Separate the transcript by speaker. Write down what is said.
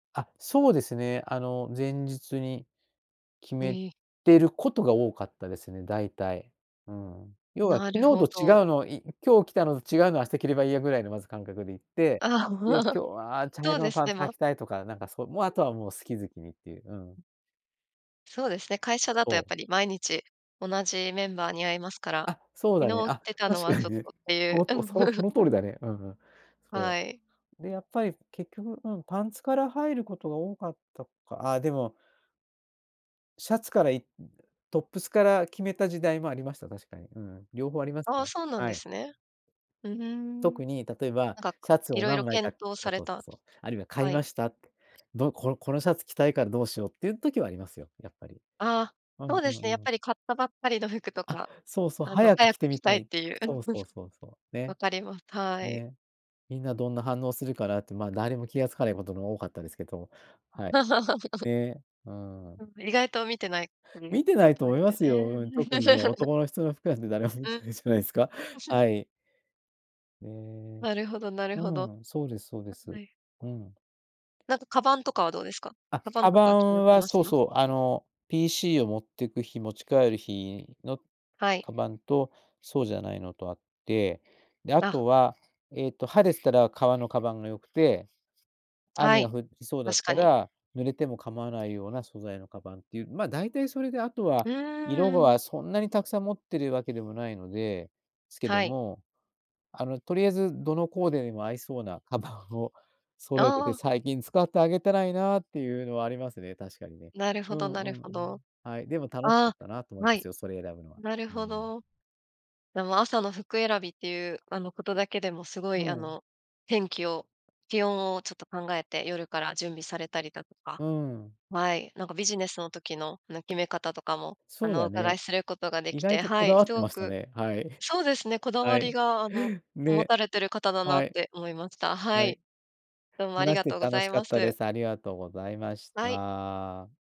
Speaker 1: あ、そうですね、あの、前日に決
Speaker 2: う
Speaker 1: め
Speaker 2: え。
Speaker 1: てることが多かったですね、だいたい。うん。要は
Speaker 2: な
Speaker 1: 昨
Speaker 2: るほ
Speaker 1: 日と違う
Speaker 2: ど。
Speaker 1: の、い「今日着たのと違うの明日着ればいいや」ぐらいのまず感覚でいって、
Speaker 2: あ、う
Speaker 1: で
Speaker 2: わ。
Speaker 1: 「今日は茶
Speaker 2: そう
Speaker 1: 色
Speaker 2: で
Speaker 1: の
Speaker 2: す
Speaker 1: パン
Speaker 2: ね、
Speaker 1: ツ履
Speaker 2: ま。
Speaker 1: きたい」とか、なんかそう、もう後はもう好き好きにっていう、う
Speaker 2: う
Speaker 1: ん。
Speaker 2: ん。そうですね、会社だとや
Speaker 1: そ
Speaker 2: っ
Speaker 1: う。
Speaker 2: ぱり毎日同じメンバーに会いますから、
Speaker 1: あ、そうだね。
Speaker 2: 昨日着
Speaker 1: あ、
Speaker 2: てたの
Speaker 1: 確
Speaker 2: は
Speaker 1: か
Speaker 2: ち
Speaker 1: に
Speaker 2: ょっ
Speaker 1: ね。
Speaker 2: とってい
Speaker 1: そ
Speaker 2: う。
Speaker 1: のとうそのそ の通りだね。うんうん。そ
Speaker 2: はい。
Speaker 1: う。で、やっぱり結局、うん、パンツから入ることが多かったかあ、でもシャツからいトップスから決めた時代もありました、確かに、うん。両方あります
Speaker 2: ああ、
Speaker 1: ね、
Speaker 2: そうなん
Speaker 1: は
Speaker 2: で
Speaker 1: い。
Speaker 2: すね。う、ふーん。
Speaker 1: 特に例えば
Speaker 2: なんか、か
Speaker 1: シャツを
Speaker 2: 色々
Speaker 1: 何枚か
Speaker 2: 検討
Speaker 1: そう
Speaker 2: され
Speaker 1: そう、そ
Speaker 2: た
Speaker 1: そう、あるいは買
Speaker 2: は
Speaker 1: い
Speaker 2: い。
Speaker 1: ましたって、どこのこのシャツ着たいからどうしようっていう時はありますよ、やっぱり。
Speaker 2: ああ、
Speaker 1: うん
Speaker 2: そう
Speaker 1: う
Speaker 2: で
Speaker 1: ん
Speaker 2: すね、やっ
Speaker 1: うん。
Speaker 2: ぱり買ったばっかりの服と
Speaker 1: あ、
Speaker 2: か、
Speaker 1: そうそう、
Speaker 2: あの、
Speaker 1: 早く
Speaker 2: 早
Speaker 1: 着
Speaker 2: く
Speaker 1: て
Speaker 2: 着
Speaker 1: み
Speaker 2: た
Speaker 1: た
Speaker 2: いっ
Speaker 1: い。
Speaker 2: ていう。う
Speaker 1: そ
Speaker 2: ん。
Speaker 1: う
Speaker 2: む
Speaker 1: そう
Speaker 2: すこ
Speaker 1: そうそう、ね。
Speaker 2: わかります。たい。
Speaker 1: ね、みんなどんな反応するかなって、まあ、誰も気が付かないことの多かったですけど、
Speaker 2: ん。
Speaker 1: はい。で、うーん。
Speaker 2: うん、意外と見てないふり
Speaker 1: 見てな
Speaker 2: こ
Speaker 1: いと
Speaker 2: とで
Speaker 1: 思い
Speaker 2: す
Speaker 1: ま
Speaker 2: よ
Speaker 1: すよ。うん。
Speaker 2: ね。
Speaker 1: 特にね、男の人の服なんて誰も見
Speaker 2: う
Speaker 1: てないじゃないですか？
Speaker 2: ん。
Speaker 1: は い。ね。
Speaker 2: なるほどなる
Speaker 1: う
Speaker 2: ほど。
Speaker 1: ん、そうですそうで
Speaker 2: [unintelligible]
Speaker 1: す。
Speaker 2: はい。
Speaker 1: うん。
Speaker 2: なんかカバンとかはどうですか？
Speaker 1: あ、
Speaker 2: カバン
Speaker 1: カ
Speaker 2: と
Speaker 1: バ
Speaker 2: かは決まっ
Speaker 1: ン
Speaker 2: て
Speaker 1: は
Speaker 2: まし
Speaker 1: そう
Speaker 2: た？
Speaker 1: そう、あの、PC を持ってく日、持ち帰る日の
Speaker 2: はい。
Speaker 1: カバンとそうじゃないのとあって、で、あ
Speaker 2: あ。
Speaker 1: とは、えっと、晴れてたら革のカバンが良くて、
Speaker 2: は
Speaker 1: 雨が
Speaker 2: い、
Speaker 1: 降りそうだっ
Speaker 2: 確か
Speaker 1: た
Speaker 2: に。
Speaker 1: ら、濡れても構わないような素材のカバンっていう、ま、だいたいそれであと
Speaker 2: う
Speaker 1: は、色
Speaker 2: ーん、うん。
Speaker 1: がそんなにたくさん持ってるわけでもないのですけど
Speaker 2: はい。
Speaker 1: も、あの、とりあえず、どのコーデでも合いそうなカバンを揃えて
Speaker 2: あ
Speaker 1: て、
Speaker 2: あ。
Speaker 1: 最近使ってあげてないなっていうのはありますね、確かにね。
Speaker 2: なるほ
Speaker 1: う
Speaker 2: ど
Speaker 1: ん
Speaker 2: な
Speaker 1: う
Speaker 2: る
Speaker 1: んう
Speaker 2: ほ
Speaker 1: ん。
Speaker 2: ど。
Speaker 1: はい、でも楽しかっ
Speaker 2: あ、
Speaker 1: たなと思い
Speaker 2: は
Speaker 1: ます
Speaker 2: い、
Speaker 1: よ、それ選ぶのは。
Speaker 2: なる
Speaker 1: うー
Speaker 2: ほ
Speaker 1: ん。
Speaker 2: ど。でも朝の服選びっていうあの、ことだけでもすご
Speaker 1: う
Speaker 2: いあ
Speaker 1: ん。
Speaker 2: の、天気を、気温をちょっと考えて夜から準備されたりだとか
Speaker 1: うん。
Speaker 2: はい、なんかビジネスの時の、なん、決め方とかも、あ
Speaker 1: そう
Speaker 2: の、お
Speaker 1: だ
Speaker 2: 伺い
Speaker 1: ね。
Speaker 2: することがで
Speaker 1: 意
Speaker 2: き
Speaker 1: 外
Speaker 2: て
Speaker 1: とこ
Speaker 2: は
Speaker 1: だ
Speaker 2: い、
Speaker 1: わっ
Speaker 2: す
Speaker 1: て
Speaker 2: ご
Speaker 1: ました
Speaker 2: く
Speaker 1: ね、はい。
Speaker 2: そうですね、こだ
Speaker 1: は
Speaker 2: わり
Speaker 1: い、
Speaker 2: があの、持
Speaker 1: ね、
Speaker 2: たれてる方だなっ
Speaker 1: はい。
Speaker 2: て思いました。は
Speaker 1: はい。
Speaker 2: い。どうもあり
Speaker 1: 話し
Speaker 2: が
Speaker 1: て
Speaker 2: とうご
Speaker 1: 楽
Speaker 2: ざ
Speaker 1: し
Speaker 2: い
Speaker 1: か
Speaker 2: ま
Speaker 1: ったで
Speaker 2: す。
Speaker 1: す。ありがとうございまし
Speaker 2: はい。
Speaker 1: た。